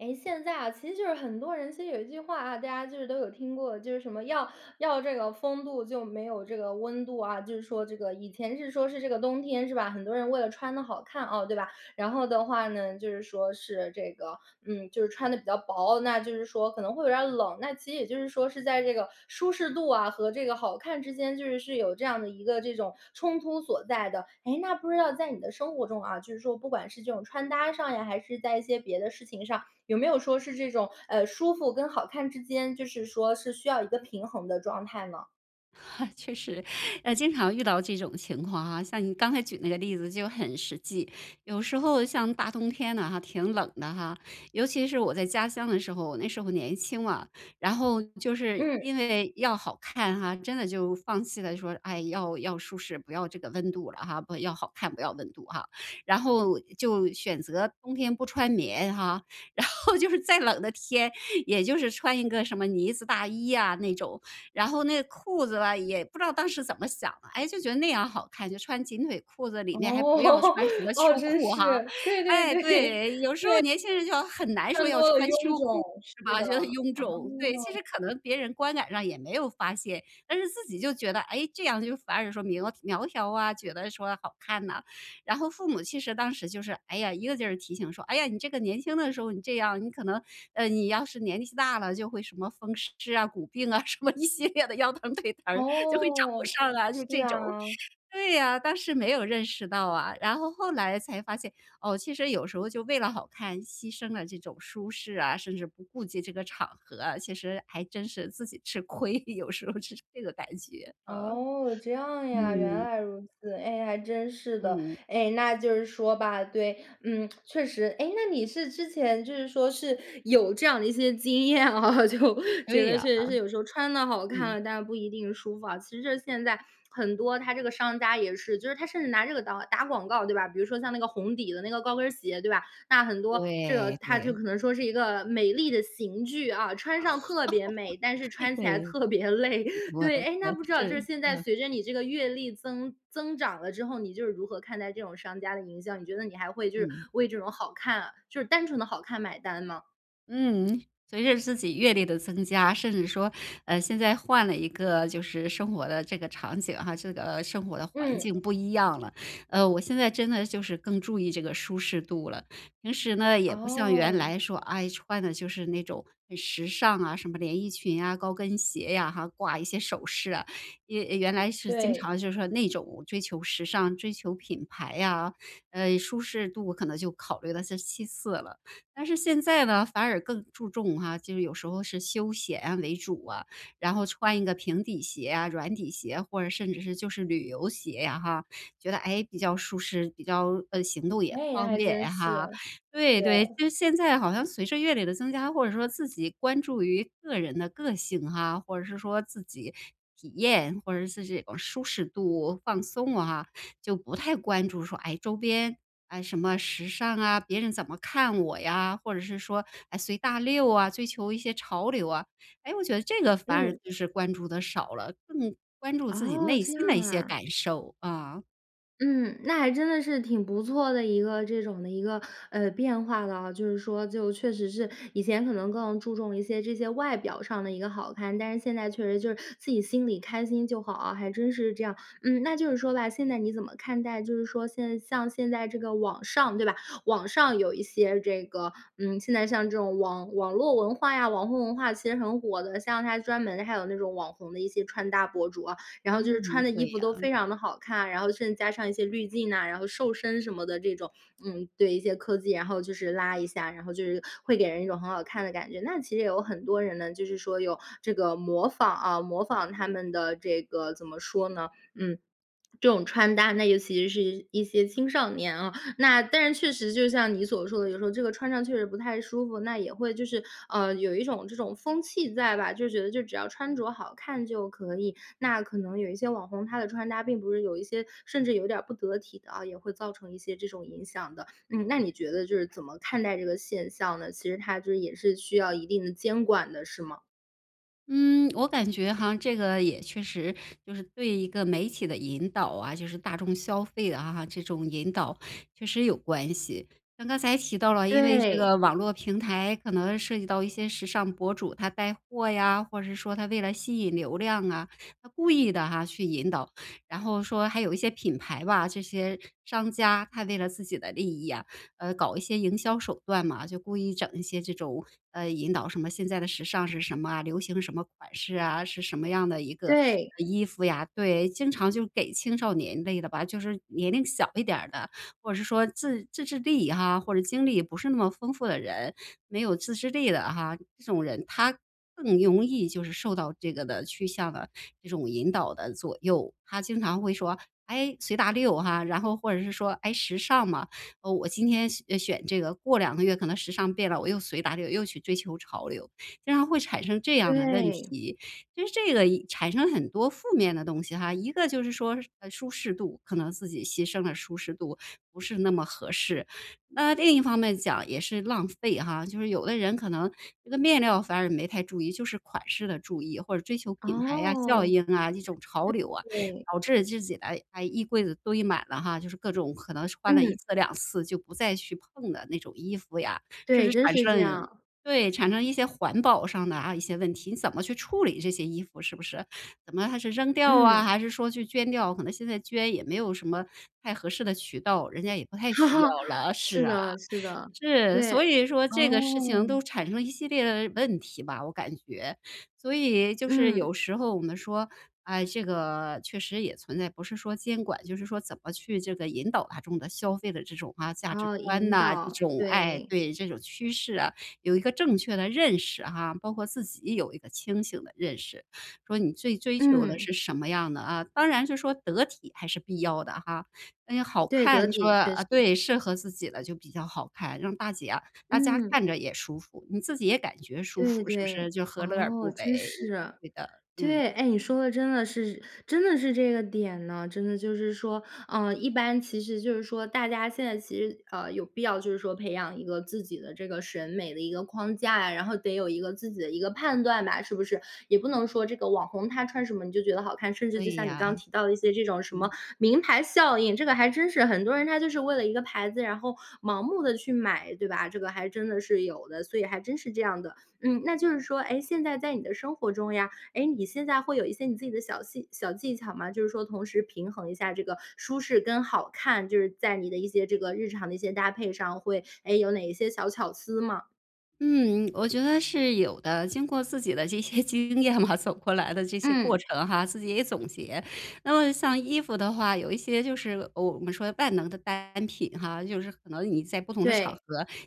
诶，现在啊，其实就是很多人其实有一句话，啊，大家就是都有听过，就是什么要，要这个风度就没有这个温度，啊，就是说这个，以前是说是这个冬天是吧？很多人为了穿得好看，啊，对吧？然后的话呢，就是说是这个，嗯，就是穿得比较薄，那就是说可能会有点儿冷。那其实也就是说是在这个舒适度啊，和这个好看之间就是是有这样的一个这种冲突所在的。诶，那不知道在你的生活中啊，就是说不管是这种穿搭上呀，还是在一些别的事情上，有没有说是这种，呃，舒服跟好看之间，就是说是需要一个平衡的状态呢？确实，呃，经常遇到这种情况啊，像你刚才举那个例子就很实际。有时候像大冬天呢哈，挺冷的哈，尤其是我在家乡的时候，我那时候年轻嘛，然后就是嗯。因为要好看哈，真的就放弃了说，哎，要要舒适，不要这个温度了哈。不要好看，不要温度啊。然后就选择冬天不穿棉哈，然后就是再冷的天，也就是穿一个什么呢子大衣啊那种。然后那个裤子吧，也不知道当时怎么想的，哎，就觉得那样好看，就穿紧腿裤子哦，里面还不要 穿什么哦，秋真裤哈。是。对 对哎，对，对。对。有时候年轻人就很难说穿要多了穿臃秋裤肿，是是吧？的，觉得臃啊。肿，对。其实可能别人观感上也没有发现，但是自己就觉得，诶，这样就反而说明苗苗条啊，觉得说好看呐。然后父母其实当时就是，哎呀，一个劲儿提醒说：“哎呀，你这个年轻的时候你这样，你可能，呃，你要是年纪大了就会什么风湿啊、骨病啊什么一系列的腰疼腿疼儿就会找哦，上来。”就是这种。啊。对啊，当时没有认识到啊，然后后来才发现，哦，其实有时候就为了好看牺牲了这种舒适啊，甚至不顾及这个场合啊，其实还真是自己吃亏，有时候是这个感觉，啊。哦，这样呀，原嗯。来如此，哎，还真是的。嗯。哎，那就是说吧，对，嗯，确实。诶，那你是之前就是说是有这样的一些经验啊，就觉对得呀，确啊。实是有时候穿得好看嗯。了，但不一定舒服啊。其实现在很多它这个商家也是就是它甚至拿这个到打广告，对吧？比如说像那个红底的那个高跟儿鞋，对吧？那很多，这个，对，它就对。可能说是一个美丽的刑具啊，穿上特别美，但是 穿起来对，特别累。我对，的诶，那对，不知道就是，是现在嗯。随着你这个阅历增增长了之后，你就是如何看待这种商家的营销？你觉得你还会就是嗯。为这种好看就是单纯的好看买单吗？嗯，随着自己阅历的增加，甚至说，呃，现在换了一个，就是生活的这个场景哈，这个生活的环嗯。境不一样了，呃，我现在真的就是更注意这个舒适度了。平时呢，也不像原哦。来说，哎，穿的就是那种很时尚啊，什么连衣裙呀、高跟鞋呀哈，挂一些首饰啊，一原来是经对。常就是说那种追求时尚、追求品牌呀，呃，舒适度可能就考虑了是其次了。但是现在呢，反而更注重哈，就是有时候是休闲为主啊。然后穿一个平底鞋啊、软底鞋或者甚至是，就是旅游鞋呀哈。觉得，诶，比较舒适，比较呃，行动也哎，方还便真哈，是，对，对。就对。是现在好像随着阅历的增加或者说自己关注于个人的个性啊，或者是说自己体验，或者是这种舒适度、放松啊，就不太关注说，哎，周边，哎，什么时尚啊，别人怎么看我呀，或者是说，哎，随大流啊，追求一些潮流啊。诶，我觉得这个反而嗯。就是关注的少了，更关注自己哦，内这样心的一些啊。感受，啊。嗯，那还真的是挺不错的一个这种的一个，呃，变化了。就是说，就确实是以前可能更注重一些这些外表上的一个好看，但是现在确实就是自己心里开心就好啊，还真是这样。嗯，那就是说吧，现在你怎么看待就是说现在像现在这个网上，对吧？网上有一些这个，嗯，现在像这种网网络文化呀，网红文化，其实很火的，像它专门的还有那种网红的一些穿搭博主啊，然后就是穿嗯，的衣对服都呀。非常地好看，然后甚至加上一些滤镜呐，然后瘦身什么的这种。嗯，对，一些科技，然后就是拉一下，然后就是会给人一种很好看的感觉。那其实也有很多人呢，就是说有这个模仿，啊，模仿他们的这个，怎么说呢？嗯，这种穿搭。那尤其是一些青少年哦，那但是确实就像你所说的，有时候这个穿上确实不太舒服，那也会就是，呃，有一种这种风气在吧。就觉得就只要穿着好看就可以，那可能有一些网红，他的穿搭并不是有一些甚至有点儿不得体的啊，也会造成一些这种影响的。嗯，那你觉得就是怎么看待这个现象呢？其实它这也是需要一定的监管的，是吗？嗯，我感觉哈，这个也确实就是对一个媒体的引导啊，就是大众消费的啊，这种引导，确实有关系。像刚才提到了，因为这对。个网络平台可能涉及到一些时尚博主，他带货呀，或者说他为了吸引流量啊，他故意地哈，去引导。然后说还有一些品牌吧，这些商家，他为了自己的利益啊，呃，搞一些营销手段嘛，就故意整一些这种，呃，引导什么，现在的时尚是什么啊，流行什么款式啊，是什么样的一个对。呃衣服呀。对，经常就给青少年类的吧，就是年龄小一点儿的，或者是说自自制力啊，或者经历不是那么丰富的人，没有自制力的哈，这种人，他更容易就是受到这个的趋向的这种引导的左右。他经常会说，诶，随大流哈，然后或者是说，诶时尚嘛，哦，我今天选选这个，过2个月可能时尚变了，我又随大流又去追求潮流，经常会产生这样的问对。题。就是这个产生很多负面的东西哈，一个就是说是舒适度，可能自己牺牲了舒适度，不是那么合适。那另一方面讲也是浪费哈，就是有的人可能这个面料反而没太注意，就是款式的注意或者追求品牌啊，效哦。应啊，这种潮流啊，对。导致自己的，哎，衣柜子堆满了哈，就是各种，可能是穿了1嗯。次2次就不再去碰的那种衣服呀。甚对，至真产是这生样。对，产生一些环保上的啊一些问题，你怎么去处理这些衣服是不是？怎么还是扔掉啊，嗯。还是说去捐掉，可能现在捐也没有什么太合适的渠道，人家也不太哈需哈，要了。是是啊。的，是的，是！对，所以说这个事情哦。都产生一系列的问题吧，我感觉。所以就是嗯。有时候我们说，哎，这个确实也存在，不是说监管，就是说怎么去这个引导大众的消费的这种啊，价值哦，观引哪，这导，种，哎，对。对，这种趋势啊，有一个正确的认识哈，包括自己有一个清醒的认识。说你最追求的嗯。是什么样的啊，当然是说得体还是必要的哈。那好对，得看你说体，确啊实。对，适合自己的就比较好看，让大家啊大家看嗯。着也舒服，你自己也感觉舒对服，是不对，是？就何乐而不哦，真为。是。对的，嗯。对！哎，你说的真的是，真的是这个点呢！真的就是说，呃，一般其实就是说，大家现在其实，呃，有必要就是说培养一个自己的这个审美的一个框架呀，然后得有一个自己的一个判断吧，是不是？也不能说这个网红他穿什么你就觉得好看，甚至就对像你刚呀。提到的一些这种，什么，嗯。名牌效应，这个还真是。很多人他就是为了一个牌子，然后盲目地去买，对吧？这个还真的是有的，所以还真是这样的。嗯，那就是说，诶，现在在你的生活中呀，诶，你现在会有一些你自己的小技小技巧吗？就是说同时平衡一下这个舒适跟好看，就是在你的一些这个日常的一些搭配上，会，诶，有哪一些小巧思吗？嗯，我觉得是有的，经过自己的这些经验嘛，走过来的这些过嗯。程哈，自己也总结。那么像衣服的话，有一些就是，呃，我们说万能的单品哈，就是可能你在不同的场对。合，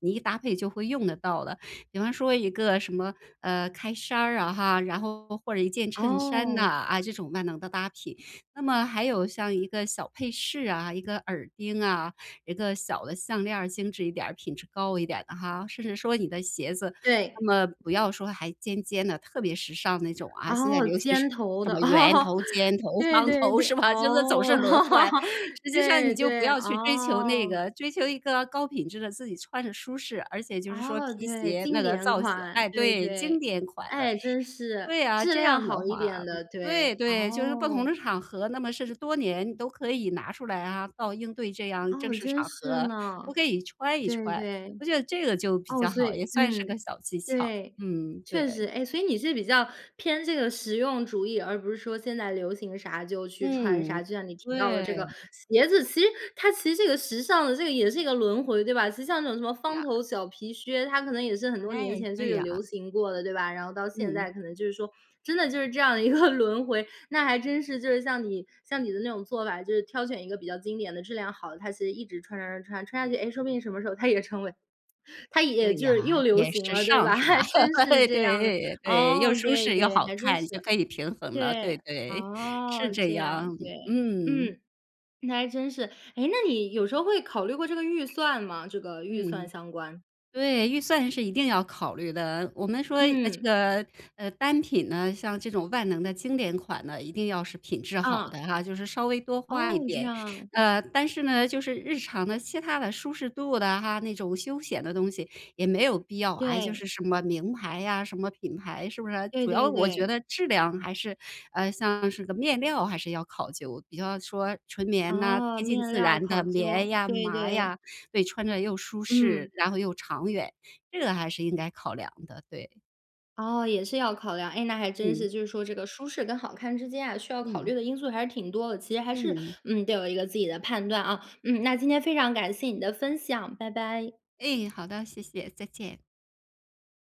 你一搭配就会用得到的，比方说一个什么，呃，开衫儿啊哈，然后或者一件衬衫呢，哦。啊，这种万能的搭品。那么还有像一个小配饰啊、一个耳钉啊，一个小的项链儿，精致一点儿、品质高一点儿的哈。甚至说你的鞋子，那对。么不要说还尖尖的、特别时尚那种啊，现在哦，流行尖头什的，么圆哦，头、尖头、对方对头，对，是吧？就是总是哦，轮换，实际上对，你就不对，要去追求那哦。个，追求一个高品质的，自己穿着舒适，而且就是说哦，皮对，鞋经那个典造型款，哎，对，对，经对。典款的，哎，真是，对啊，质这量样的好一话点的，对，对，对，就是不同哦。的场合，那么甚至多年都可以拿出来啊，到应对这样正哦，式真场是合，我呢。可以穿一对，穿。对。我觉得这个就比哦，较所好，也以算是个嗯，小技巧，对，嗯，确实。对。诶，所以你是比较偏这个实用主义，而不是说现在流行啥就去穿嗯，啥，就像你提到的对。这个鞋子，其实它其实这个时尚的，这个也是一个轮回，对吧？其实像那种什么方呀。头小皮靴，它可能也是很多年哎，前就对有呀。流行过的，对吧？然后到现嗯。在可能就是说，真的就是这样的一个轮回，那还真是就是像你像你的那种做法，就是挑选一个比较经典的、质量好的，它其实一直穿穿穿穿，穿下去，诶，说不定什么时候它也成为它也对就呀。是又流也行时了，对尚，吧？是吧？真 是这样的。对，对，又哦，舒对，适又对，好还真看，就是。可以平衡了。对对，对，是哦，这这样，样，对，嗯。嗯，那还真是。诶，那你有时候会考虑过这个预算吗？这个预算嗯。相关。对，预算是一定要考虑的。我们说，呃这嗯。个，呃，单品呢，像这种万能的经典款呢，一定要是品质好的啊。哈，就是稍微多花哦，一这点。样。呃，但是呢，就是日常的、其他的、舒适度的哈，那种休闲的东西也没有必要，哎，就对。是什么名牌呀，什么品牌，是不是？对主要对我觉对。得质量还是呃，像是个面料还是要考究，比较说纯棉呐，啊，贴近面自料然考的棉究。呀、对麻对。呀，对，穿着又舒适，嗯。然后又长远，这个还是应该考量的，对。哦，也是要考量。诶，那还真嗯。是，就是说这个舒适跟好看之间啊，需要考嗯。虑的因素还是挺多的。其实还是，嗯。嗯，得有一个自己的判断，啊。嗯，那今天非常感谢你的分享，拜拜。哎，好的，谢谢，再见。